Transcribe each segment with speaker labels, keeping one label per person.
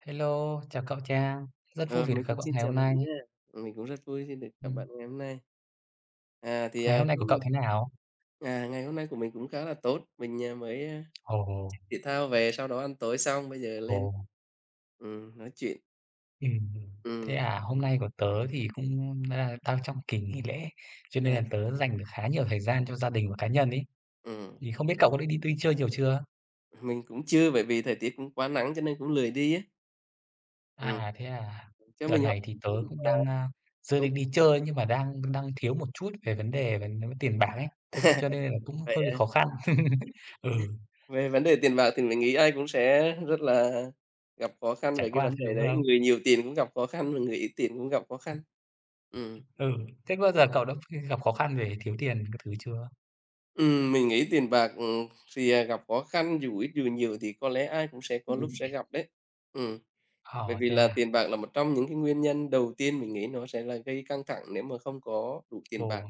Speaker 1: Hello, chào cậu cha, rất vui
Speaker 2: Ờ,
Speaker 1: vì được
Speaker 2: mình
Speaker 1: gặp
Speaker 2: cũng
Speaker 1: cậu
Speaker 2: xin
Speaker 1: ngày
Speaker 2: chào
Speaker 1: hôm
Speaker 2: bạn
Speaker 1: nay.
Speaker 2: nha. Ừm, mình cũng rất vui khi được gặp
Speaker 1: Ừm.
Speaker 2: bạn ngày hôm nay. À, thì,
Speaker 1: Ngày
Speaker 2: à,
Speaker 1: hôm nay
Speaker 2: cho
Speaker 1: của cậu
Speaker 2: mình
Speaker 1: thế nào?
Speaker 2: à, ngày hôm nay của mình cũng khá là tốt, mình, à, mới, ờ,
Speaker 1: Ồ.
Speaker 2: chơi thể thao về sau đó ăn tối xong, bây giờ lên,
Speaker 1: Ồ.
Speaker 2: ừm, nói chuyện.
Speaker 1: Ừm, thế
Speaker 2: Ừm.
Speaker 1: à? Hôm nay của tớ thì cũng đa đang trong kỳ nghỉ lễ, cho nên là
Speaker 2: À.
Speaker 1: tớ dành được khá nhiều thời gian cho gia đình và cá nhân ấy.
Speaker 2: Ừm.
Speaker 1: Thì không biết cậu có đi đi đi chơi nhiều chưa?
Speaker 2: Mình cũng chưa, bởi vì thời tiết cũng quá nắng cho nên cũng lười đi ấy. Ừm.
Speaker 1: À, thế à?
Speaker 2: Cho
Speaker 1: Đợt
Speaker 2: mình hỏi
Speaker 1: này thì tớ cũng đang,
Speaker 2: [unintelligible]
Speaker 1: à, dự
Speaker 2: cũng
Speaker 1: định đi chơi nhưng mà đang đang thiếu một chút về vấn đề về tiền bạc ấy, th cho cho nên là cũng
Speaker 2: Vậy
Speaker 1: hơi
Speaker 2: á?
Speaker 1: khó khăn. Ừ.
Speaker 2: Về vấn đề tiền bạc thì mình nghĩ ai cũng sẽ rất là gặp khó khăn
Speaker 1: Trải
Speaker 2: về cái
Speaker 1: qua
Speaker 2: vấn
Speaker 1: chứ,
Speaker 2: đề
Speaker 1: đúng
Speaker 2: đấy.
Speaker 1: không?
Speaker 2: Người nhiều tiền cũng gặp khó khăn mà người ít tiền cũng gặp khó khăn. Ừm.
Speaker 1: Ừ, thế có bao giờ cậu đã gặp khó khăn về thiếu tiền các thứ chưa?
Speaker 2: Ừm, mình nghĩ tiền bạc, ừm, thì, à, gặp khó khăn, dù ít dù nhiều thì có lẽ ai cũng sẽ có lúc sẽ
Speaker 1: [unintelligible]
Speaker 2: gặp đấy, ừm. Bởi
Speaker 1: Ờ,
Speaker 2: vì
Speaker 1: thế
Speaker 2: là
Speaker 1: à?
Speaker 2: tiền bạc là một trong những cái nguyên nhân đầu tiên mình nghĩ nó sẽ là gây căng thẳng nếu mà không có đủ tiền bạc.
Speaker 1: Ồ.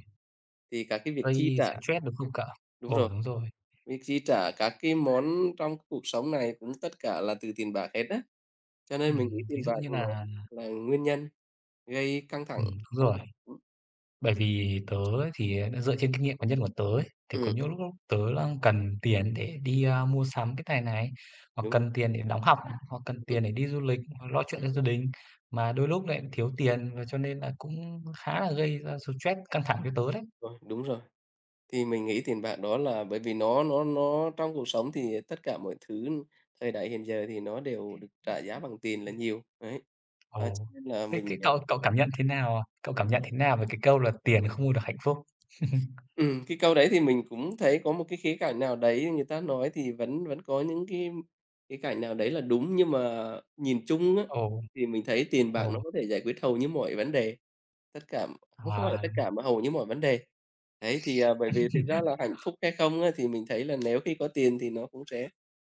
Speaker 2: Thì các cái việc chi
Speaker 1: Gây
Speaker 2: trả
Speaker 1: stress, đúng không cậu?
Speaker 2: đúng
Speaker 1: Ồ,
Speaker 2: rồi,
Speaker 1: đúng rồi.
Speaker 2: việc chi trả các cái món trong cuộc sống này cũng tất cả là từ tiền bạc hết á. Cho nên mình nghĩ
Speaker 1: Ừm, ví
Speaker 2: tiền
Speaker 1: dụ
Speaker 2: bạc
Speaker 1: như
Speaker 2: nó
Speaker 1: nà
Speaker 2: là nguyên nhân gây căng thẳng
Speaker 1: Ừm, đúng
Speaker 2: trong
Speaker 1: rồi.
Speaker 2: [unintelligible]
Speaker 1: Bởi vì tớ ấy thì, à, nó dựa trên kinh nghiệm cá nhân của tớ ấy. Thì có
Speaker 2: Ừm.
Speaker 1: những lúc lúc tớ đang cần tiền để đi, a, mua sắm cái này này, hoặc
Speaker 2: Đúng rồi.
Speaker 1: cần tiền để đóng học, hoặc cần
Speaker 2: Ừm.
Speaker 1: tiền để đi du lịch hoặc lo chuyện
Speaker 2: Ừm
Speaker 1: cho
Speaker 2: hứm.
Speaker 1: gia đình, mà đôi lúc lại thiếu tiền và cho nên là cũng khá là gây ra stress, căng thẳng cho tớ đấy.
Speaker 2: Rồi, đúng rồi. Thì mình nghĩ tiền bạc đó là bởi vì nó nó nó trong cuộc sống thì tất cả mọi thứ, thời đại hiện giờ thì nó đều được trả giá bằng tiền là nhiều, đấy. À, cho
Speaker 1: Ồ,
Speaker 2: nên là
Speaker 1: thế
Speaker 2: mình,
Speaker 1: thế
Speaker 2: à
Speaker 1: cậu cậu cảm nhận thế nào, à, cậu cảm nhận thế nào về cái câu là "Tiền không mua được hạnh phúc"?
Speaker 2: Ừm, cái câu đấy thì mình cũng thấy có một cái khía cạnh nào đấy người ta nói thì vẫn vẫn có những cái khía cạnh nào đấy là đúng. Nhưng mà nhìn chung á
Speaker 1: Ồ.
Speaker 2: thì mình thấy tiền bạc nó
Speaker 1: Ồ.
Speaker 2: có thể giải quyết hầu như mọi vấn đề, tất cả cũng không phải là tất
Speaker 1: À.
Speaker 2: cả mà hầu như mọi vấn đề. Đấy, thì, à, bởi vì thực ra là hạnh phúc hay không á thì mình thấy là nếu khi có tiền thì nó cũng sẽ,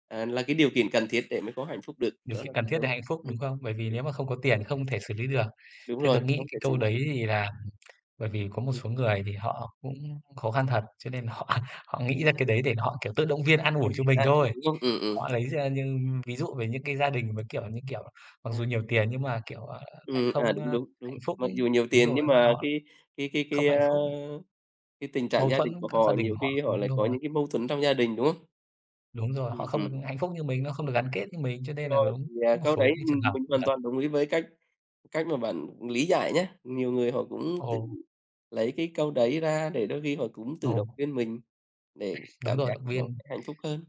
Speaker 2: à, là cái điều kiện cần thiết để mới có hạnh phúc được.
Speaker 1: Điều
Speaker 2: Đó là
Speaker 1: kiện cần thiết
Speaker 2: ừm.
Speaker 1: để hạnh phúc, đúng
Speaker 2: Ừm.
Speaker 1: không? Bởi vì
Speaker 2: Ừ.
Speaker 1: nếu mà không có tiền không thể xử lý được.
Speaker 2: Đúng
Speaker 1: Theo
Speaker 2: rồi,
Speaker 1: tớ nghĩ
Speaker 2: không
Speaker 1: cái
Speaker 2: thể
Speaker 1: câu đấy
Speaker 2: [unintelligible]
Speaker 1: thì là bởi vì có một
Speaker 2: Ừm.
Speaker 1: số người thì họ cũng khó khăn thật, cho nên họ họ nghĩ ra cái đấy để họ, kiểu, tự động viên an
Speaker 2: Ừm,
Speaker 1: ủi cho mình
Speaker 2: an ủi,
Speaker 1: thôi.
Speaker 2: đúng không? Ừm, ừm.
Speaker 1: Họ lấy ra như ví dụ về những cái gia đình mà, kiểu, như kiểu, mặc
Speaker 2: À.
Speaker 1: dù nhiều tiền nhưng mà, kiểu, à, lại
Speaker 2: Ừm, à,
Speaker 1: không, ơ,
Speaker 2: đúng, đúng, đúng.
Speaker 1: hạnh phúc
Speaker 2: Mặc dù nhiều
Speaker 1: đúng
Speaker 2: tiền
Speaker 1: rồi, với
Speaker 2: nhưng
Speaker 1: lại
Speaker 2: mà
Speaker 1: họ
Speaker 2: cái cái cái
Speaker 1: không
Speaker 2: cái,
Speaker 1: có hạnh
Speaker 2: á,
Speaker 1: phúc.
Speaker 2: cái tình trạng
Speaker 1: Mâu
Speaker 2: gia đình
Speaker 1: thuẫn
Speaker 2: của
Speaker 1: các gia
Speaker 2: họ
Speaker 1: đình
Speaker 2: nhiều
Speaker 1: họ
Speaker 2: khi
Speaker 1: không
Speaker 2: họ lại
Speaker 1: đúng
Speaker 2: có
Speaker 1: rồi.
Speaker 2: những cái mâu thuẫn trong gia đình, đúng không?
Speaker 1: Đúng rồi, họ
Speaker 2: Ừm,
Speaker 1: không được
Speaker 2: ừm.
Speaker 1: hạnh phúc như mình, nó không được gắn kết như mình, cho nên là
Speaker 2: Rồi
Speaker 1: đúng,
Speaker 2: thì, à,
Speaker 1: có một
Speaker 2: câu đấy,
Speaker 1: số cái trường
Speaker 2: ừm,
Speaker 1: hợp
Speaker 2: mình
Speaker 1: cũng
Speaker 2: hoàn
Speaker 1: thật.
Speaker 2: toàn đồng ý với cách cách mà bạn lý giải nhá. Nhiều người họ cũng tự
Speaker 1: Ồ.
Speaker 2: lấy cái câu đấy ra để đôi khi họ cũng tự
Speaker 1: Ồ.
Speaker 2: động viên mình để
Speaker 1: Đúng
Speaker 2: cảm
Speaker 1: rồi,
Speaker 2: giác
Speaker 1: động
Speaker 2: nó
Speaker 1: viên.
Speaker 2: hạnh phúc hơn.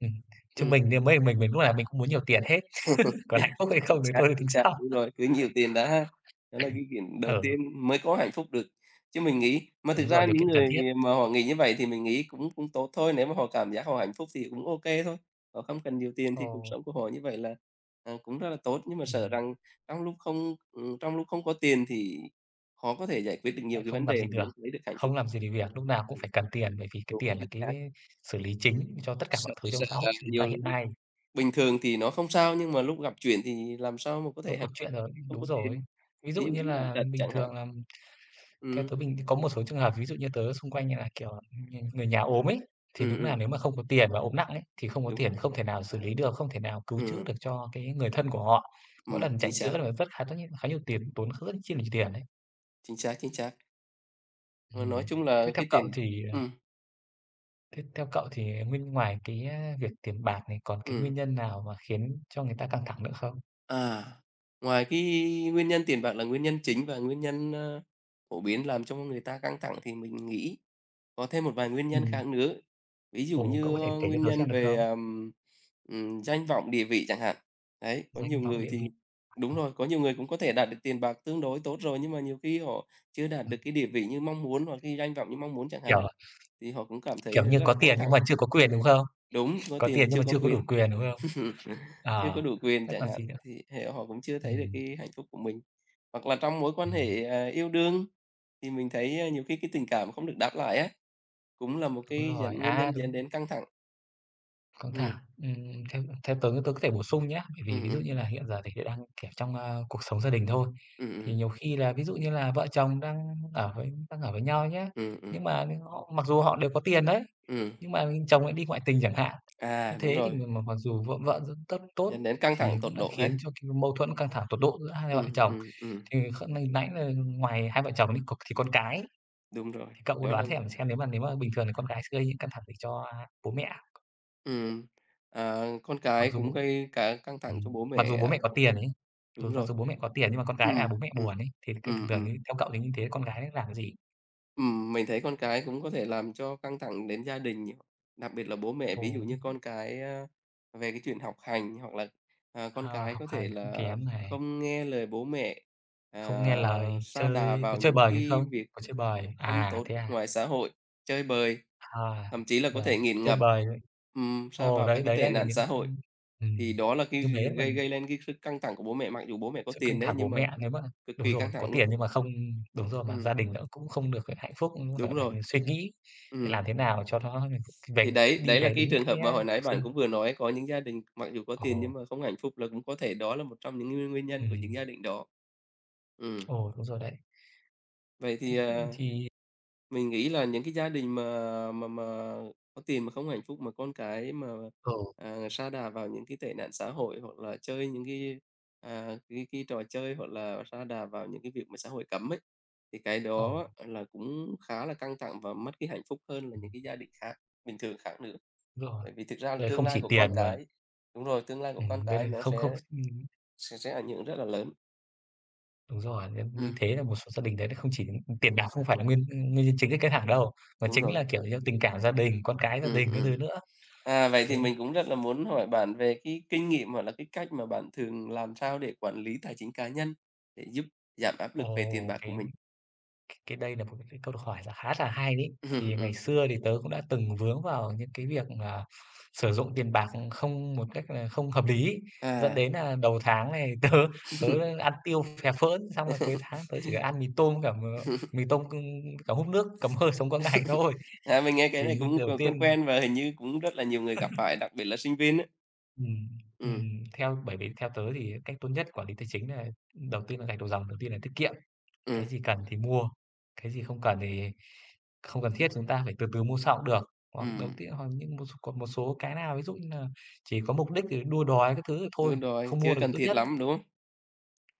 Speaker 1: Ừm, chứ
Speaker 2: Ừm.
Speaker 1: mình như mấy mình mình lúc nào mình cũng muốn nhiều tiền hết, còn hạnh phúc hay không
Speaker 2: Chính
Speaker 1: thì
Speaker 2: xác,
Speaker 1: thôi tính
Speaker 2: chính xác,
Speaker 1: sau.
Speaker 2: đúng rồi, cứ nhiều tiền đã ha. Đó là cái chuyện đầu
Speaker 1: Ừ.
Speaker 2: tiên mới có hạnh phúc được. Chứ mình nghĩ mà thực
Speaker 1: Đúng rồi,
Speaker 2: ra
Speaker 1: điều
Speaker 2: những
Speaker 1: kiện cần
Speaker 2: người,
Speaker 1: thiết.
Speaker 2: à, mà họ nghĩ như vậy thì mình nghĩ cũng cũng tốt thôi. Nếu mà họ cảm giác họ hạnh phúc thì cũng ô kê thôi, họ không cần nhiều tiền thì cuộc
Speaker 1: Ồ.
Speaker 2: sống của họ như vậy là, à, cũng rất là tốt. Nhưng mà sợ
Speaker 1: Ừm.
Speaker 2: rằng trong lúc không ừm, trong lúc không có tiền thì khó có thể giải quyết được nhiều
Speaker 1: Lại
Speaker 2: cái vấn
Speaker 1: không làm
Speaker 2: đề
Speaker 1: gì
Speaker 2: mà vẫn
Speaker 1: được,
Speaker 2: không lấy được hạnh
Speaker 1: không
Speaker 2: phúc.
Speaker 1: làm gì được việc, lúc nào cũng phải cần tiền bởi vì cái
Speaker 2: Đúng,
Speaker 1: tiền là
Speaker 2: chính
Speaker 1: cái
Speaker 2: xác.
Speaker 1: xử lý chính cho tất cả
Speaker 2: Sợ
Speaker 1: mọi thứ trong
Speaker 2: sợ
Speaker 1: xã hội
Speaker 2: rằng
Speaker 1: chúng ta
Speaker 2: nhiều
Speaker 1: hiện
Speaker 2: lúc
Speaker 1: nay.
Speaker 2: bình thường thì nó không sao nhưng mà lúc gặp chuyện thì làm sao mà có
Speaker 1: Lúc
Speaker 2: thể
Speaker 1: gặp
Speaker 2: hạnh
Speaker 1: chuyện rồi
Speaker 2: khi không
Speaker 1: đúng
Speaker 2: có
Speaker 1: rồi.
Speaker 2: tiền,
Speaker 1: Ví dụ
Speaker 2: ví dụ
Speaker 1: như
Speaker 2: như bệnh
Speaker 1: là
Speaker 2: tật
Speaker 1: bình
Speaker 2: chẳng hạn.
Speaker 1: thường là theo
Speaker 2: Ừm.
Speaker 1: tớ bình có một số trường hợp ví dụ như tớ xung quanh như là, kiểu, người người nhà ốm ấy, thì
Speaker 2: Ừm,
Speaker 1: đúng
Speaker 2: ừm
Speaker 1: nà nếu mà không có tiền và ốm nặng ấy, thì không có
Speaker 2: Đúng
Speaker 1: tiền,
Speaker 2: rồi.
Speaker 1: không thể nào xử lý được, không thể nào cứu chữa được
Speaker 2: Ừm.
Speaker 1: cho cái người thân của họ. Mỗi
Speaker 2: Ừm,
Speaker 1: lần
Speaker 2: chính
Speaker 1: chạy
Speaker 2: xác.
Speaker 1: chữa là rất khá rất nh khá nhiều tiền, tốn rất rất chi là nhiều tiền đấy.
Speaker 2: Chính xác, chính xác. Mà nói
Speaker 1: Ừm,
Speaker 2: chung là
Speaker 1: thế theo
Speaker 2: cái
Speaker 1: cậu
Speaker 2: tiền
Speaker 1: thì, à
Speaker 2: ừm.
Speaker 1: thế theo cậu thì, ờ, nguyên ngoài cái á việc tiền bạc này còn cái nguyên
Speaker 2: Ừm.
Speaker 1: nhân nào mà khiến cho người ta căng thẳng nữa không?
Speaker 2: À, ngoài cái nguyên nhân tiền bạc là nguyên nhân chính và nguyên nhân, ờ, phổ biến làm cho người ta căng thẳng thì mình nghĩ có thêm một vài nguyên nhân
Speaker 1: Ừm.
Speaker 2: khác nữa, ví dụ
Speaker 1: Ồ,
Speaker 2: như
Speaker 1: cậu có thể kể cho
Speaker 2: nguyên
Speaker 1: tớ xem
Speaker 2: nhân
Speaker 1: được
Speaker 2: về,
Speaker 1: không?
Speaker 2: ờ, ừm, danh vọng, địa vị chẳng hạn. Đấy, có
Speaker 1: Danh
Speaker 2: nhiều
Speaker 1: vọng
Speaker 2: người
Speaker 1: địa
Speaker 2: thì
Speaker 1: vị. À.
Speaker 2: đúng rồi, có nhiều người cũng có thể đạt được tiền bạc tương đối tốt rồi, nhưng mà nhiều khi họ chưa đạt được cái địa vị như mong muốn hoặc
Speaker 1: [unintelligible]
Speaker 2: cái danh vọng như mong muốn chẳng hạn,
Speaker 1: Kiểu,
Speaker 2: thì họ cũng cảm thấy
Speaker 1: kiểu như,
Speaker 2: rất là
Speaker 1: có
Speaker 2: căng
Speaker 1: tiền nhưng
Speaker 2: thẳng.
Speaker 1: mà chưa có quyền, đúng không?
Speaker 2: Đúng, có
Speaker 1: Có
Speaker 2: tiền mà
Speaker 1: tiền nhưng
Speaker 2: chưa
Speaker 1: mà
Speaker 2: có
Speaker 1: chưa có đủ
Speaker 2: quyền,
Speaker 1: quyền, đúng không?
Speaker 2: chưa có
Speaker 1: À,
Speaker 2: đủ quyền
Speaker 1: thế
Speaker 2: chẳng
Speaker 1: còn
Speaker 2: hạn,
Speaker 1: gì nữa?
Speaker 2: thì thế họ cũng chưa thấy được
Speaker 1: Ừm.
Speaker 2: cái hạnh phúc của mình. Hoặc là trong mối quan
Speaker 1: Ừm.
Speaker 2: hệ, ờ, yêu đương, thì mình thấy, ờ, nhiều khi cái tình cảm không được đáp lại á, cũng là một
Speaker 1: Đúng
Speaker 2: cái
Speaker 1: rồi
Speaker 2: dẫn nguyên
Speaker 1: à,
Speaker 2: nhân
Speaker 1: đúng.
Speaker 2: dẫn đến căng thẳng.
Speaker 1: Căng
Speaker 2: Ừm.
Speaker 1: thẳng, ừm, ừm, ừm, theo tớ tớ có thể bổ sung nhá. Bởi vì
Speaker 2: Ừm,
Speaker 1: ví dụ
Speaker 2: ừm.
Speaker 1: như là hiện giờ thì tớ đang, kiểu, trong, ờ, cuộc sống gia đình thôi,
Speaker 2: Ừm,
Speaker 1: thì
Speaker 2: ừm.
Speaker 1: nhiều khi là ví dụ như là vợ chồng đang ở với đang ở với nhau nhá,
Speaker 2: Ừm, ừm.
Speaker 1: nhưng mà họ mặc dù họ đều có tiền đấy,
Speaker 2: Ừm.
Speaker 1: nhưng mà chồng lại đi ngoại tình chẳng hạn. Như
Speaker 2: À, đúng
Speaker 1: thế thì
Speaker 2: rồi.
Speaker 1: m mặc dù vợ vợ rất tốt
Speaker 2: Dẫn đến căng
Speaker 1: thì
Speaker 2: thẳng tột
Speaker 1: cũng đã
Speaker 2: độ hả?
Speaker 1: khiến cho cái mâu thuẫn căng thẳng tột độ giữa hai vợ
Speaker 2: Ừm,
Speaker 1: chồng.
Speaker 2: ừm, ừm.
Speaker 1: Thì kh nãy là ngoài hai vợ chồng thì có thì con cái.
Speaker 2: Đúng rồi,
Speaker 1: Thì cậu có
Speaker 2: đó là
Speaker 1: đoán xem- xem nếu mà nếu mà bình thường thì con cái sẽ gây những căng thẳng gì cho bố mẹ?
Speaker 2: Ừm. À, con
Speaker 1: Mặc
Speaker 2: cái
Speaker 1: dù b
Speaker 2: cũng gây cả căng thẳng cho
Speaker 1: Ừm,
Speaker 2: bố
Speaker 1: mặc
Speaker 2: mẹ,
Speaker 1: dù bố mẹ
Speaker 2: à.
Speaker 1: có tiền ấy,
Speaker 2: Đúng
Speaker 1: dù mặc
Speaker 2: rồi.
Speaker 1: dù có bố mẹ có tiền nhưng mà con cái làm
Speaker 2: Ừm,
Speaker 1: bố mẹ
Speaker 2: ừm,
Speaker 1: buồn ấy, thì thường
Speaker 2: ừm,
Speaker 1: thường
Speaker 2: ừm.
Speaker 1: ấy theo cậu thì như thế con gái làm cái gì?
Speaker 2: Ừm. Mình thấy con cái cũng có thể làm cho căng thẳng đến gia đình nh Đặc biệt là bố mẹ ví dụ
Speaker 1: Ồ.
Speaker 2: như con cái, a, về cái chuyện học hành, hoặc là, à, con
Speaker 1: À,
Speaker 2: cái
Speaker 1: học
Speaker 2: có thể
Speaker 1: hành cũng
Speaker 2: là
Speaker 1: kém này.
Speaker 2: không nghe lời bố mẹ,
Speaker 1: Không
Speaker 2: à,
Speaker 1: nghe lời,
Speaker 2: sa đà
Speaker 1: chơi có
Speaker 2: vào
Speaker 1: chơi
Speaker 2: những
Speaker 1: bời gì
Speaker 2: cái
Speaker 1: không?
Speaker 2: việc
Speaker 1: Có chơi bời.
Speaker 2: không
Speaker 1: À,
Speaker 2: tốt
Speaker 1: thế à!
Speaker 2: ngoài xã hội, chơi bời,
Speaker 1: À,
Speaker 2: thậm chí là có
Speaker 1: rồi,
Speaker 2: thể nghiện
Speaker 1: chơi
Speaker 2: ngập.
Speaker 1: bời đấy.
Speaker 2: Ừm, sa
Speaker 1: Ồ.
Speaker 2: vào các
Speaker 1: Đấy,
Speaker 2: cái
Speaker 1: đấy,
Speaker 2: tệ
Speaker 1: đấy là
Speaker 2: nạn
Speaker 1: những
Speaker 2: xã hội,
Speaker 1: ưm, ừ,
Speaker 2: thì đó là cái
Speaker 1: như thế mà
Speaker 2: gây gây lên cái sức căng thẳng của bố mẹ, mặc dù bố mẹ có
Speaker 1: Sự căng
Speaker 2: tiền đấy,
Speaker 1: thẳng bố
Speaker 2: nhưng mà
Speaker 1: mẹ nếu mà
Speaker 2: cực
Speaker 1: đúng
Speaker 2: kỳ
Speaker 1: rồi,
Speaker 2: căng
Speaker 1: có
Speaker 2: thẳng luôn.
Speaker 1: tiền nhưng mà không đúng rồi mà gia
Speaker 2: Ừm.
Speaker 1: đình đã cũng không được hạnh phúc, cũng ph
Speaker 2: Đúng
Speaker 1: phải
Speaker 2: rồi.
Speaker 1: suy nghĩ làm
Speaker 2: Ừm.
Speaker 1: thế nào cho nó về
Speaker 2: Thì đấy,
Speaker 1: đi
Speaker 2: đấy là
Speaker 1: về
Speaker 2: cái
Speaker 1: đúng
Speaker 2: trường hợp
Speaker 1: cái,
Speaker 2: mà
Speaker 1: a,
Speaker 2: hồi nãy
Speaker 1: học
Speaker 2: bạn
Speaker 1: sinh.
Speaker 2: cũng vừa nói có những gia đình, mặc dù có tiền nhưng
Speaker 1: Ồ.
Speaker 2: mà không hạnh phúc là cũng có thể đó là một trong những nguyên nguyên nhân của những
Speaker 1: Ừm.
Speaker 2: gia đình đó. Ừm.
Speaker 1: Ồ, đúng rồi đấy.
Speaker 2: Vậy thì,
Speaker 1: Thế
Speaker 2: à.
Speaker 1: thì
Speaker 2: Mình nghĩ là những cái gia đình mà mà mà có tiền mà không hạnh phúc, mà con cái mà,
Speaker 1: Ừ.
Speaker 2: à, sa đà vào những cái tệ nạn xã hội, hoặc là chơi những cái, à, cái cái trò chơi hoặc là sa đà vào những cái việc mà xã hội cấm ấy, thì cái đó
Speaker 1: Ồ.
Speaker 2: là cũng khá là căng thẳng và mất cái hạnh phúc hơn là những
Speaker 1: Ừm.
Speaker 2: cái gia đình khác bình thường khác nữa.
Speaker 1: Đúng rồi.
Speaker 2: Bởi vì thực ra là
Speaker 1: Đấy
Speaker 2: tương
Speaker 1: không
Speaker 2: lai
Speaker 1: chỉ
Speaker 2: của con
Speaker 1: tiền mà
Speaker 2: cái đúng rồi, tương lai của con
Speaker 1: Ừm, đấy là
Speaker 2: cái nó
Speaker 1: không không
Speaker 2: sẽ
Speaker 1: Ừm.
Speaker 2: sẽ sẽ ảnh hưởng rất là lớn.
Speaker 1: Đúng rồi, nhâm như
Speaker 2: Ừm.
Speaker 1: thế là một số gia đình đấy, nó không chỉ tiền bạc, không phải là nguyên nguyên nhân chính gây căng thẳng đâu, mà
Speaker 2: Đúng
Speaker 1: chính
Speaker 2: rồi.
Speaker 1: là, kiểu như, tình cảm gia đình, con cái gia
Speaker 2: Ừm,
Speaker 1: đình các thứ
Speaker 2: ừm.
Speaker 1: nữa.
Speaker 2: À, vậy thì
Speaker 1: Thế.
Speaker 2: mình cũng rất là muốn hỏi bạn về cái kinh nghiệm, hoặc là cái cách mà bạn thường làm sao để quản lý tài chính cá nhân, để giúp giảm áp lực về tiền
Speaker 1: Ồ,
Speaker 2: bạc của
Speaker 1: cái
Speaker 2: mình?
Speaker 1: cái đây nà một cái cái câu hỏi là khá là hay đấy. Thì ngày
Speaker 2: Ừm.
Speaker 1: xưa thì tớ cũng đã từng vướng vào những cái việc mà sử dụng tiền bạc không một cách là không hợp lý ấy, dẫn
Speaker 2: À.
Speaker 1: đến nlà đầu tháng này tớ tớ ăn tiêu phè phỡn, xong rồi cuối tháng tớ chỉ ăn mì tôm với cả m mì tôm c cả húp nước, cầm hơi, sống qua ngày thôi.
Speaker 2: À, mình nghe cái
Speaker 1: Thì
Speaker 2: này
Speaker 1: như
Speaker 2: cũng c
Speaker 1: đầu
Speaker 2: quen
Speaker 1: tiên
Speaker 2: quen và hình như cũng rất là nhiều người gặp phải, đặc biệt là sinh viên á.
Speaker 1: Ừm,
Speaker 2: Ừm.
Speaker 1: ừm, theo bởi vì theo tớ thì cách tốt nhất quản lý tài chính đấy nà đầu tiên nà gạch đầu dòng, đầu tiên nà tiết kiệm,
Speaker 2: Ừm.
Speaker 1: cái gì cần thì mua, cái gì không cần thì không cần thiết chúng ta phải từ từ mua sau cũng được. Hoặc đầu
Speaker 2: Ừm.
Speaker 1: tiên hoặc những một còn một số cái nào ví dụ như nà chỉ có mục đích thì đua đòi các thứ thì thôi,
Speaker 2: Đúng rồi,
Speaker 1: không mua
Speaker 2: chưa
Speaker 1: được là
Speaker 2: cần
Speaker 1: tốt
Speaker 2: thiết
Speaker 1: nhất.
Speaker 2: lắm, đúng không?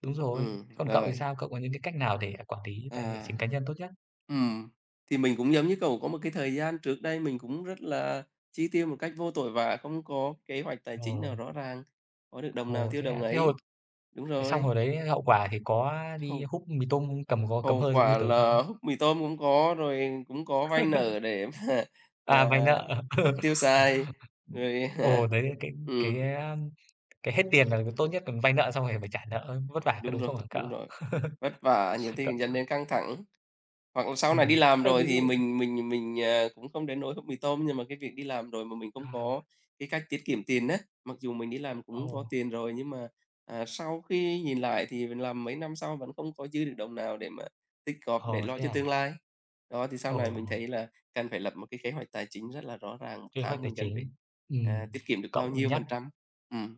Speaker 1: Đúng rồi, thế
Speaker 2: Ừm,
Speaker 1: còn cậu thì
Speaker 2: rồi.
Speaker 1: sao? Cậu có những cái cách nào để, à, quản lý tài
Speaker 2: À,
Speaker 1: chính cá nhân tốt nhất?
Speaker 2: ừm, thì mình cũng giống như cậu có một cái thời gian trước đây mình cũng rất là chi tiêu một cách vô tội vạ, không có kế hoạch tài chính nào
Speaker 1: Ồ.
Speaker 2: rõ ràng, có được đồng nào
Speaker 1: Ồ,
Speaker 2: tiêu
Speaker 1: thế
Speaker 2: đồng
Speaker 1: à? Thế hồi
Speaker 2: ấy. Đúng
Speaker 1: thế xong
Speaker 2: rồi.
Speaker 1: hồi đấy hậu quả thì có đi
Speaker 2: Hông.
Speaker 1: húp mì tôm cầm có cầm
Speaker 2: Hậu
Speaker 1: hơi giống như
Speaker 2: quả
Speaker 1: tớ không?
Speaker 2: là mì tôm cũng không có, rồi cũng có vay nợ để mà
Speaker 1: À,
Speaker 2: mà
Speaker 1: vay nợ.
Speaker 2: tiêu xài rồi
Speaker 1: Ồ, đấy, cái cái,
Speaker 2: ừm.
Speaker 1: à, cái hết tiền là tốt nhất là vay nợ xong rồi lại phải trả nợ vất vả, có
Speaker 2: Đúng
Speaker 1: đúng
Speaker 2: rồi,
Speaker 1: không hả cậu?
Speaker 2: đúng rồi, vất vả nhiều thì
Speaker 1: Cậu
Speaker 2: cũng dẫn đến căng thẳng, hoặc là sau này đi
Speaker 1: Ừm,
Speaker 2: làm
Speaker 1: thế
Speaker 2: rồi
Speaker 1: ví
Speaker 2: thì
Speaker 1: dụ
Speaker 2: mình mình mình, ờ, cũng không đến nỗi húp mì tôm nhưng mà cái việc đi làm rồi mà mình không có
Speaker 1: À.
Speaker 2: cái cách tiết kiệm tiền á, mặc dù mình đi làm cũng có
Speaker 1: Ồ!
Speaker 2: tiền rồi, nhưng mà, à, sau khi nhìn lại thì mình làm mấy năm sau vẫn không có dư được đồng nào để mà tích góp để
Speaker 1: Ờ,
Speaker 2: lo
Speaker 1: thế
Speaker 2: cho
Speaker 1: à?
Speaker 2: tương lai. Đó, thì sau này mình
Speaker 1: Ồ!
Speaker 2: thấy là cần phải lập một cái kế hoạch tài chính rất là rõ ràng, 1
Speaker 1: Kế hoạch
Speaker 2: tháng
Speaker 1: tài
Speaker 2: mình cần phải,
Speaker 1: chính,
Speaker 2: ờ,
Speaker 1: ừm.
Speaker 2: tiết kiệm được bao
Speaker 1: Cậu
Speaker 2: nhiêu
Speaker 1: nhắc
Speaker 2: phần trăm, ừm,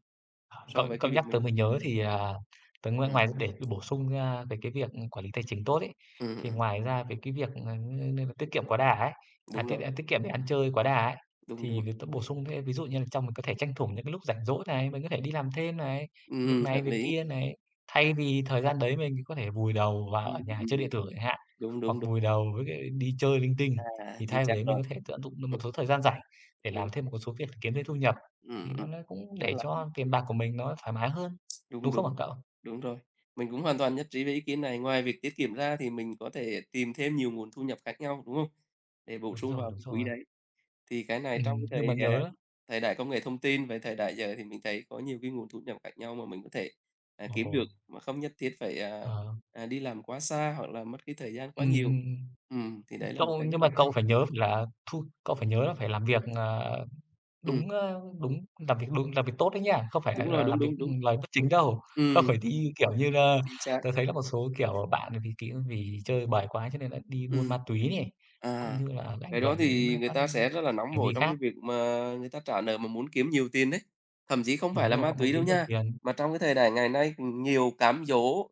Speaker 1: h cậu
Speaker 2: so với
Speaker 1: cậu
Speaker 2: cái việc
Speaker 1: nhắc tớ
Speaker 2: mình
Speaker 1: mới
Speaker 2: đang
Speaker 1: nhớ thì, à, tớ ngoài
Speaker 2: Ừm.
Speaker 1: ngoài để bổ sung ra cái cái việc quản lý tài chính tốt ấy,
Speaker 2: Ừm,
Speaker 1: thì
Speaker 2: ừm.
Speaker 1: ngoài ra về cái việc, ờ, ng như là tiết kiệm quá đà ấy, à,
Speaker 2: Đúng
Speaker 1: tiết
Speaker 2: rồi.
Speaker 1: ăn tiết kiệm để ăn chơi quá đà ấy,
Speaker 2: Đúng,
Speaker 1: thì
Speaker 2: đúng.
Speaker 1: việc tớ bổ sung thêm, ví dụ như là trong mình có thể tranh thủ những cái lúc rảnh rỗi này, mình có thể đi làm thêm này, việc
Speaker 2: Ừm,
Speaker 1: này
Speaker 2: hợp
Speaker 1: việc
Speaker 2: lý.
Speaker 1: kia này thay vì thời gian đấy mình có thể vùi đầu vào
Speaker 2: Ừm,
Speaker 1: ở nhà chơi điện
Speaker 2: ừm,
Speaker 1: tử chẳng hạn,
Speaker 2: đúng,
Speaker 1: hoặc
Speaker 2: đúng, đúng.
Speaker 1: vùi đầu với cái đi chơi linh tinh,
Speaker 2: À,
Speaker 1: thì
Speaker 2: chính
Speaker 1: thay vì
Speaker 2: xác
Speaker 1: đấy mình
Speaker 2: rồi.
Speaker 1: có thể tận dụng được một
Speaker 2: Ừm.
Speaker 1: số thời gian rảnh để
Speaker 2: Đúng.
Speaker 1: làm thêm một cái số việc kiếm thêm thu nhập.
Speaker 2: Ừm,
Speaker 1: Thì nó
Speaker 2: ừm.
Speaker 1: nó cũng
Speaker 2: Tức
Speaker 1: để
Speaker 2: là
Speaker 1: cho tiền bạc của mình nó thoải mái hơn,
Speaker 2: Đúng,
Speaker 1: đúng không
Speaker 2: đúng,
Speaker 1: hả cậu?
Speaker 2: đúng rồi, mình cũng hoàn toàn nhất trí với ý kiến này. Ngoài việc tiết kiệm ra thì mình có thể tìm thêm nhiều nguồn thu nhập khác nhau, đúng không? Để bổ
Speaker 1: Đúng
Speaker 2: sung
Speaker 1: rồi,
Speaker 2: vào
Speaker 1: đúng
Speaker 2: cái quỹ
Speaker 1: rồi.
Speaker 2: đấy. Thì cái này trong
Speaker 1: Ừm, nhưng mà
Speaker 2: thời, à,
Speaker 1: nhớ á.
Speaker 2: thời đại công nghệ thông tin, về thời đại giờ, thì mình thấy có nhiều cái nguồn thu nhập khác nhau mà mình có thể, ờ, kiếm được
Speaker 1: Ồ!
Speaker 2: mà không nhất thiết phải, à,
Speaker 1: Ờ.
Speaker 2: à, đi làm quá xa, hoặc là mất cái thời gian quá
Speaker 1: Ừm,
Speaker 2: nhiều.
Speaker 1: ừm,
Speaker 2: Ừm, thì
Speaker 1: ừm,
Speaker 2: đấy là một
Speaker 1: cậu,
Speaker 2: cái rất
Speaker 1: nhưng mà
Speaker 2: là hay!
Speaker 1: cậu phải nhớ là thu cậu phải nhớ là phải làm việc, ờ,
Speaker 2: Ừm.
Speaker 1: đúng, ờ, đúng làm việc đúng, làm việc tốt đấy nhá, không phải là
Speaker 2: Đúng rồi,
Speaker 1: là
Speaker 2: đúng,
Speaker 1: làm việc
Speaker 2: đúng, đúng.
Speaker 1: lời bất chính đâu, không
Speaker 2: Ừm.
Speaker 1: phải đi, kiểu như là,
Speaker 2: Chính xác.
Speaker 1: tớ thấy là một số, kiểu, bạn vì kí á, vì chơi bời quá cho nên là đi buôn
Speaker 2: Ừm.
Speaker 1: ma túy này, cũng
Speaker 2: À,
Speaker 1: như là ảnh
Speaker 2: cái đó
Speaker 1: hưởng đến,
Speaker 2: thì
Speaker 1: ờ,
Speaker 2: người
Speaker 1: các
Speaker 2: ta sẽ rất là nóng
Speaker 1: hành
Speaker 2: vội
Speaker 1: vi
Speaker 2: trong cái
Speaker 1: khác.
Speaker 2: việc mà người ta trả nợ mà muốn kiếm nhiều tiền đấy, thậm chí không phải
Speaker 1: Đúng
Speaker 2: là
Speaker 1: rồi,
Speaker 2: ma
Speaker 1: họ muốn
Speaker 2: túy đâu
Speaker 1: kiếm nhiều
Speaker 2: nha,
Speaker 1: tiền.
Speaker 2: mà trong cái thời đại ngày nay nhiều cám dỗ,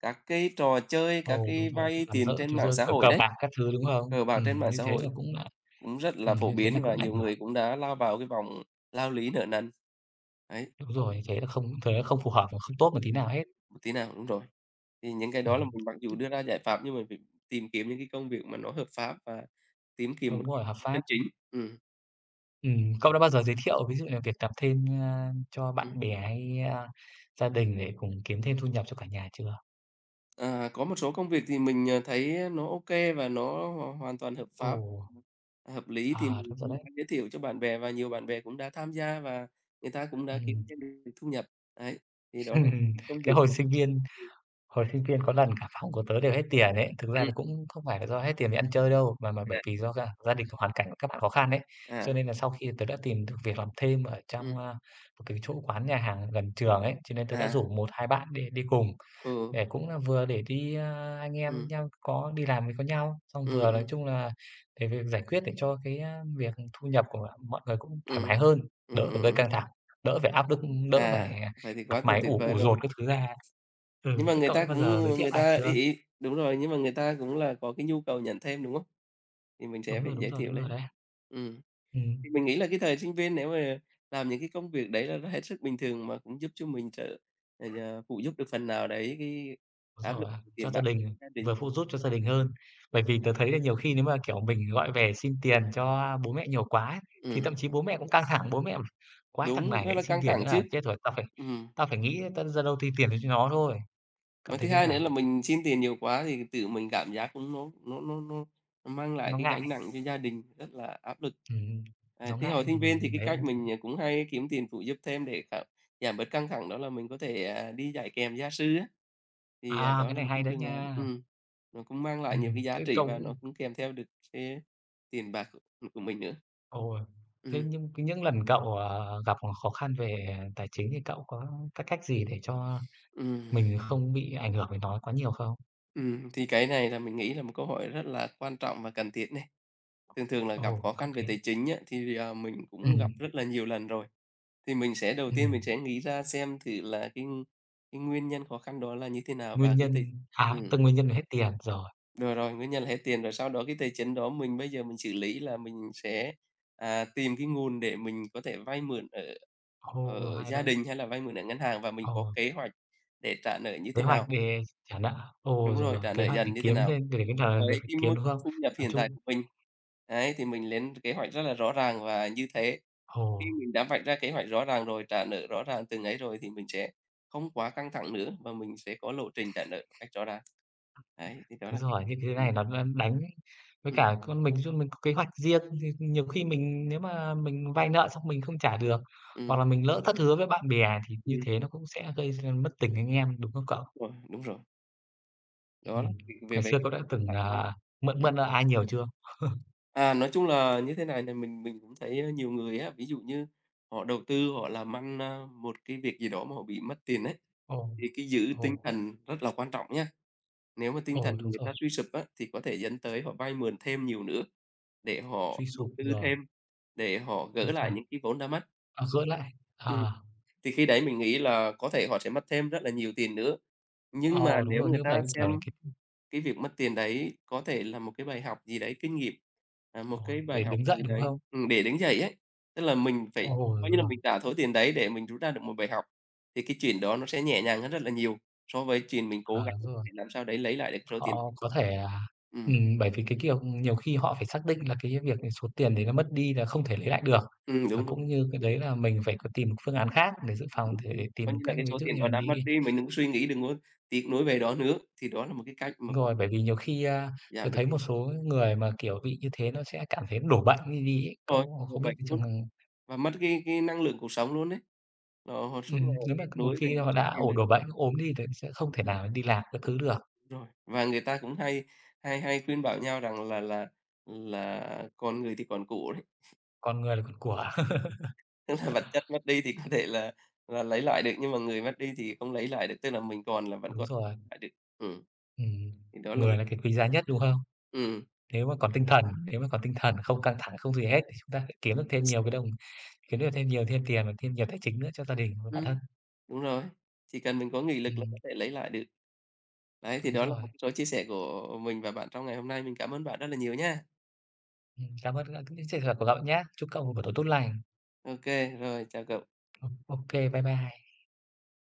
Speaker 2: các cái trò chơi, các
Speaker 1: Ồ, đúng
Speaker 2: cái
Speaker 1: rồi, kiểu,
Speaker 2: vay
Speaker 1: làm
Speaker 2: tiền trên mạng xã
Speaker 1: [unintelligible]
Speaker 2: hội
Speaker 1: cờ
Speaker 2: đấy,
Speaker 1: bạc các thứ, đúng không?
Speaker 2: cờ bạc trên
Speaker 1: Ừm,
Speaker 2: mạng
Speaker 1: như
Speaker 2: xã
Speaker 1: thế là
Speaker 2: hội
Speaker 1: cũng,
Speaker 2: cũng rất là
Speaker 1: ừm,
Speaker 2: phổ
Speaker 1: như thế thì
Speaker 2: biến và
Speaker 1: cũng ảnh
Speaker 2: nhiều người
Speaker 1: hưởng.
Speaker 2: cũng đã lao vào cái vòng lao lý nợ nần, ấy.
Speaker 1: Đúng rồi, thế là không thế là không phù hợp và không tốt một tí nào hết.
Speaker 2: Một tí nào, đúng rồi, thì những cái đó là
Speaker 1: Ừm,
Speaker 2: mình mặc dù
Speaker 1: t
Speaker 2: đưa ra giải pháp nhưng mà mình tìm kiếm những cái công việc mà nó hợp pháp và kiếm tiền một
Speaker 1: Đúng
Speaker 2: cách
Speaker 1: rồi, hợp pháp,
Speaker 2: chân chính,
Speaker 1: ừm.
Speaker 2: ừm.
Speaker 1: Ừm, cậu đã bao giờ giới thiệu ví dụ như việc làm thêm, ờ, cho bạn
Speaker 2: Ừm.
Speaker 1: bè hay, a, gia đình để cùng kiếm thêm thu nhập cho cả nhà chưa?
Speaker 2: À, có một số công việc thì mình, ờ, thấy nó ô kê và nó hoàn hoàn toàn hợp pháp,
Speaker 1: Ồ!
Speaker 2: hợp lý thì
Speaker 1: À,
Speaker 2: mình
Speaker 1: đúng rồi
Speaker 2: cũng
Speaker 1: đấy.
Speaker 2: đã giới thiệu cho bạn bè và nhiều bạn bè cũng đã tham gia và người ta cũng đã kiếm
Speaker 1: Ừm.
Speaker 2: thêm được thu nhập, ấy, thì đó là những cái công
Speaker 1: Cái
Speaker 2: việc
Speaker 1: hồi
Speaker 2: mà
Speaker 1: sinh viên
Speaker 2: Ưm.
Speaker 1: hồi sinh viên có lần cả phòng của tớ đều hết tiền ấy, thực ra
Speaker 2: Ừm.
Speaker 1: là cũng không phải là do hết tiền đi ăn chơi đâu mà mà bởi
Speaker 2: À
Speaker 1: vì do gia gia đình hoàn cảnh của các bạn khó khăn ấy. Cho
Speaker 2: À.
Speaker 1: nên là sau khi tớ đã tìm được việc làm thêm ở trong,
Speaker 2: Ừm.
Speaker 1: a, một cái chỗ quán nhà hàng gần trường ấy, cho nên tớ đã
Speaker 2: À.
Speaker 1: rủ một hai bạn đi đi cùng,
Speaker 2: Ừ.
Speaker 1: để cũng là vừa để đi à, anh em với
Speaker 2: Ừm.
Speaker 1: nhau có đi làm có nhau, xong
Speaker 2: Ừm,
Speaker 1: vừa, nói
Speaker 2: ừm.
Speaker 1: chung là, để việc giải quyết để cho cái, a, việc thu nhập của mọi người cũng thoải mái
Speaker 2: Ừm,
Speaker 1: hơn, đỡ
Speaker 2: ừm,
Speaker 1: phải
Speaker 2: ừm,
Speaker 1: gây
Speaker 2: ừm.
Speaker 1: căng thẳng, đỡ phải áp lực, đỡ phải,
Speaker 2: À,
Speaker 1: à,
Speaker 2: vậy thì
Speaker 1: mặt
Speaker 2: quá là
Speaker 1: mày
Speaker 2: tuyệt
Speaker 1: ủ
Speaker 2: vời
Speaker 1: ủ
Speaker 2: rồi.
Speaker 1: dột các thứ ra.
Speaker 2: Nhưng
Speaker 1: Ừm,
Speaker 2: mà
Speaker 1: thế
Speaker 2: người
Speaker 1: cậu
Speaker 2: ta
Speaker 1: đã bao
Speaker 2: cũng
Speaker 1: giờ
Speaker 2: nhưng
Speaker 1: giới
Speaker 2: mà
Speaker 1: thiệu
Speaker 2: người
Speaker 1: ai
Speaker 2: ta ấy
Speaker 1: chưa?
Speaker 2: ấy đúng rồi, nhưng mà người ta cũng là có cái nhu cầu nhận thêm đúng không? Thì mình sẽ
Speaker 1: Đúng
Speaker 2: phải
Speaker 1: rồi, đúng
Speaker 2: giới
Speaker 1: rồi,
Speaker 2: thiệu
Speaker 1: đúng rồi
Speaker 2: lên.
Speaker 1: đấy.
Speaker 2: Ừm.
Speaker 1: Ừm.
Speaker 2: Thì mình nghĩ là cái thời sinh viên nếu mà làm những cái công việc đấy là nó hết sức bình thường mà cũng giúp cho mình trợ ầy, à, phụ giúp được phần nào đấy cái
Speaker 1: Đúng
Speaker 2: áp lực
Speaker 1: rồi á, cho
Speaker 2: tiền
Speaker 1: gia
Speaker 2: bạc
Speaker 1: đình,
Speaker 2: gia đình.
Speaker 1: vừa phụ giúp cho gia đình hơn, bởi vì tớ thấy là nhiều khi nếu mà, kiểu, mình gọi về xin tiền cho bố mẹ nhiều quá ấy thì
Speaker 2: Ừm.
Speaker 1: thậm chí bố mẹ cũng căng thẳng, bố mẹ: "Quái thằng
Speaker 2: Đúng,
Speaker 1: này
Speaker 2: rất
Speaker 1: lại
Speaker 2: là
Speaker 1: xin
Speaker 2: căng
Speaker 1: tiền
Speaker 2: thẳng
Speaker 1: nữa
Speaker 2: chứ.
Speaker 1: là chết rồi, tao phải
Speaker 2: Ừm.
Speaker 1: tao phải nghĩ ta ra đâu thì tiền cho nó thôi." Cậu
Speaker 2: Mà thứ
Speaker 1: thấy thế
Speaker 2: hai nữa
Speaker 1: nào?
Speaker 2: là mình xin tiền nhiều quá thì tự mình cảm giác nó nó nó nó mang lại
Speaker 1: Nó
Speaker 2: cái gánh
Speaker 1: ngại.
Speaker 2: nặng cho gia đình rất là áp lực.
Speaker 1: Ừm,
Speaker 2: À,
Speaker 1: nó
Speaker 2: thì hồi
Speaker 1: ngại mà
Speaker 2: sinh viên thì
Speaker 1: mình
Speaker 2: cái
Speaker 1: thấy
Speaker 2: cách mình, ờ, cũng hay kiếm tiền phụ giúp thêm để giảm giảm bớt căng thẳng đó là mình có thể, à, đi dạy kèm gia sư á, thì, ờ,
Speaker 1: À!
Speaker 2: đó
Speaker 1: Cái
Speaker 2: là
Speaker 1: này
Speaker 2: một cái
Speaker 1: hay đấy
Speaker 2: phương án
Speaker 1: nha.
Speaker 2: ừm, nó cũng mang lại nhiều cái
Speaker 1: Ừm,
Speaker 2: giá trị và nó
Speaker 1: [unintelligible]
Speaker 2: cũng kèm theo được cái, à, tiền bạc của mình nữa.
Speaker 1: Ồ, thế
Speaker 2: Ừm.
Speaker 1: nhưng những lần cậu, ờ, gặp khó khó khăn về, ờ, tài chính thì cậu có cái cách gì để cho
Speaker 2: Ừm.
Speaker 1: mình không bị ảnh hưởng bởi nó quá nhiều không?
Speaker 2: Ừm, thì cái này là mình nghĩ là một câu hỏi rất là quan trọng và cần thiết này. Thường thường là gặp
Speaker 1: Ồ,
Speaker 2: khó
Speaker 1: có
Speaker 2: khăn về
Speaker 1: kể.
Speaker 2: tài chính á thì, ờ, mình cũng gặp
Speaker 1: Ừm.
Speaker 2: rất là nhiều lần rồi. Thì mình sẽ đầu tiên mình
Speaker 1: Ừm.
Speaker 2: sẽ nghĩ ra xem thử là cái cái nguyên nhân khó khăn đó là như thế nào và
Speaker 1: Nguyên
Speaker 2: cái t
Speaker 1: nhân, à,
Speaker 2: ừm.
Speaker 1: tức nguyên nhân là hết tiền, rồi.
Speaker 2: Rồi, rồi, nguyên nhân là hết tiền, rồi sau đó cái tài chính đó mình bây giờ mình xử lý là mình sẽ, à, tìm cái nguồn để mình có thể vay mượn ở
Speaker 1: Ồ,
Speaker 2: ở
Speaker 1: hay
Speaker 2: gia
Speaker 1: đấy!
Speaker 2: đình hay là vay mượn ở ngân hàng, và mình có
Speaker 1: Ồ.
Speaker 2: kế hoạch để trả nợ như
Speaker 1: Kế
Speaker 2: thế
Speaker 1: hoạch
Speaker 2: nào.
Speaker 1: để trả nợ. Ồ,
Speaker 2: Đúng
Speaker 1: rồi,
Speaker 2: rồi,
Speaker 1: rồi,
Speaker 2: trả nợ
Speaker 1: kế hoạch để
Speaker 2: dần như thế
Speaker 1: kiếm
Speaker 2: nào
Speaker 1: thêm, để để cái mà việc
Speaker 2: với
Speaker 1: phải
Speaker 2: cái
Speaker 1: kiếm,
Speaker 2: mức
Speaker 1: đúng không?
Speaker 2: thu nhập
Speaker 1: Nói
Speaker 2: hiện tại
Speaker 1: chung
Speaker 2: của mình. Ấy, thì mình lên kế hoạch rất là rõ ràng và như thế. Khi
Speaker 1: Ồ.
Speaker 2: mình đã vạch ra kế hoạch rõ ràng rồi, trả nợ rõ ràng từng ấy rồi thì mình sẽ không quá căng thẳng nữa mà mình sẽ có lộ trình trả nợ một cách rõ ràng. Đấy, thì đó
Speaker 1: Đúng
Speaker 2: là chia
Speaker 1: rồi,
Speaker 2: sẻ
Speaker 1: những thứ này nó đang đánh, với
Speaker 2: Ừm.
Speaker 1: cả có mình nói chung mình có kế hoạch riêng, thì nhiều khi mình nếu mà mình vay nợ xong mình không trả được, hoặc
Speaker 2: Ừm.
Speaker 1: là mình lỡ thất hứa với bạn bè thì như
Speaker 2: Ừm.
Speaker 1: thế nó cũng sẽ gây ra mất tình anh em, đúng không cậu?
Speaker 2: Vâng, đúng rồi. Đó,
Speaker 1: Ừm.
Speaker 2: thì về
Speaker 1: Ngày
Speaker 2: về
Speaker 1: xưa
Speaker 2: cái
Speaker 1: cậu đã
Speaker 2: thần
Speaker 1: từng,
Speaker 2: lạc quan.
Speaker 1: ờ, mượn
Speaker 2: Ừm.
Speaker 1: mượn nợ ai nhiều chưa?
Speaker 2: À, nói chung là như thế này, thì mình mình cũng thấy nhiều người á, ví dụ như họ đầu tư, họ làm ăn, ơ, một cái việc gì đó mà họ bị mất tiền ấy,
Speaker 1: Ồ,
Speaker 2: thì cái giữ tinh
Speaker 1: ồ.
Speaker 2: thần rất là quan trọng nhá. Nếu mà tinh thần
Speaker 1: Ồ, đúng
Speaker 2: người ta
Speaker 1: rồi.
Speaker 2: suy sụp á, thì có thể dẫn tới họ vay mượn thêm nhiều nữa để
Speaker 1: Suy
Speaker 2: họ đầu
Speaker 1: sụp
Speaker 2: tư
Speaker 1: rồi.
Speaker 2: thêm, để họ gỡ
Speaker 1: Đúng
Speaker 2: lại
Speaker 1: rồi.
Speaker 2: những cái vốn đã mất.
Speaker 1: Ờ, dỗi lại,
Speaker 2: Ừm,
Speaker 1: ờ.
Speaker 2: thì khi đấy mình nghĩ là có thể họ sẽ mất thêm rất là nhiều tiền nữa. Nhưng mà
Speaker 1: Ờ, đúng
Speaker 2: nếu
Speaker 1: rồi,
Speaker 2: người
Speaker 1: như
Speaker 2: ta
Speaker 1: vậy, kiểu,
Speaker 2: xem
Speaker 1: là cái
Speaker 2: cái việc mất tiền đấy có thể là một cái bài học gì đấy kinh nghiệm, ờ, một
Speaker 1: Ờ,
Speaker 2: cái bài
Speaker 1: để
Speaker 2: học
Speaker 1: đứng dậy,
Speaker 2: từ
Speaker 1: đúng
Speaker 2: đấy.
Speaker 1: không?
Speaker 2: Ừm, để đứng dậy ấy. Tức là mình phải
Speaker 1: Ồ,
Speaker 2: coi
Speaker 1: đúng
Speaker 2: như là
Speaker 1: rồi!
Speaker 2: mình trả số tiền đấy để mình rút ra được một bài học thì cái chuyện đó nó sẽ nhẹ nhàng hơn rất là nhiều, so với chuyện mình
Speaker 1: À,
Speaker 2: cố gắng
Speaker 1: đúng rồi.
Speaker 2: để làm sao đấy lấy lại được số tiền.
Speaker 1: Họ có thể, à
Speaker 2: Ừm.
Speaker 1: ừm, bởi vì, cái kiểu, nhiều khi họ phải xác định là cái việc ấy, số tiền đấy nó mất đi là không thể lấy lại được,
Speaker 2: Ừm,
Speaker 1: và
Speaker 2: đúng đúng.
Speaker 1: cũng như cái đấy là mình phải có tìm một phương án khác để dự phòng thể
Speaker 2: [unintelligible]
Speaker 1: tìm
Speaker 2: Coi
Speaker 1: được
Speaker 2: như là
Speaker 1: cách,
Speaker 2: cái
Speaker 1: ví
Speaker 2: số
Speaker 1: dụ
Speaker 2: tiền
Speaker 1: như
Speaker 2: đó
Speaker 1: là
Speaker 2: đã mất
Speaker 1: đi
Speaker 2: đi, mình đừng có suy nghĩ, đừng có tiếc nuối về đó nữa, thì đó là một cái cách mà cũng
Speaker 1: Rồi, bởi vì nhiều khi, a, tớ
Speaker 2: giảm được
Speaker 1: thấy
Speaker 2: cái
Speaker 1: một số người mà, kiểu, bị như thế nó sẽ cảm thấy đổ bệnh đi đi ấy
Speaker 2: Rồi,
Speaker 1: cậu.
Speaker 2: đổ
Speaker 1: Không biết
Speaker 2: bệnh
Speaker 1: cái trường
Speaker 2: luôn
Speaker 1: h
Speaker 2: và mất cái cái năng lượng cuộc sống luôn ấy. Họ họ suốt ngày
Speaker 1: Ừm. Nếu
Speaker 2: tiếc
Speaker 1: mà một
Speaker 2: nuối về
Speaker 1: khi
Speaker 2: những
Speaker 1: họ
Speaker 2: số
Speaker 1: đã
Speaker 2: tiền
Speaker 1: ổ
Speaker 2: đấy.
Speaker 1: đổ bệnh, ốm đi thì sẽ không thể nào đi làm các thứ được.
Speaker 2: Rồi. Và người ta cũng hay hay hay khuyên bảo nhau rằng là là là còn người thì còn của đấy.
Speaker 1: Còn người là còn của.
Speaker 2: Tức là vật chất mất đi thì có thể là là lấy lại được, nhưng mà người mất đi thì không lấy lại được. Tức là mình còn là vẫn
Speaker 1: Đúng
Speaker 2: có
Speaker 1: rồi.
Speaker 2: lại được, ừm.
Speaker 1: Ừm.
Speaker 2: Thì đó là một
Speaker 1: Người là cái quý giá nhất, đúng không?
Speaker 2: Ừm.
Speaker 1: Nếu mà còn tinh thần nếu mà còn tinh thần không căng thẳng, không gì hết thì chúng ta phải kiếm được thêm nhiều cái đồng kiếm được thêm nhiều thêm tiền và thêm nhiều tài chính nữa cho gia đình và bản
Speaker 2: Ừm,
Speaker 1: thân.
Speaker 2: đúng rồi. Chỉ cần mình có nghị lực là
Speaker 1: Ừm.
Speaker 2: có thể lấy lại được. Đấy, thì
Speaker 1: Đúng
Speaker 2: đó là một
Speaker 1: rồi.
Speaker 2: cái số chia sẻ của mình và bạn trong ngày hôm nay, mình cảm ơn bạn rất là nhiều nha!
Speaker 1: Ừm. Cảm ơn các những trường hợp của cậu nhá! Chúc cậu
Speaker 2: OK,
Speaker 1: buổi tối tốt lành.
Speaker 2: OK. Rồi, chào cậu.
Speaker 1: Ồ, OK! Bye bye!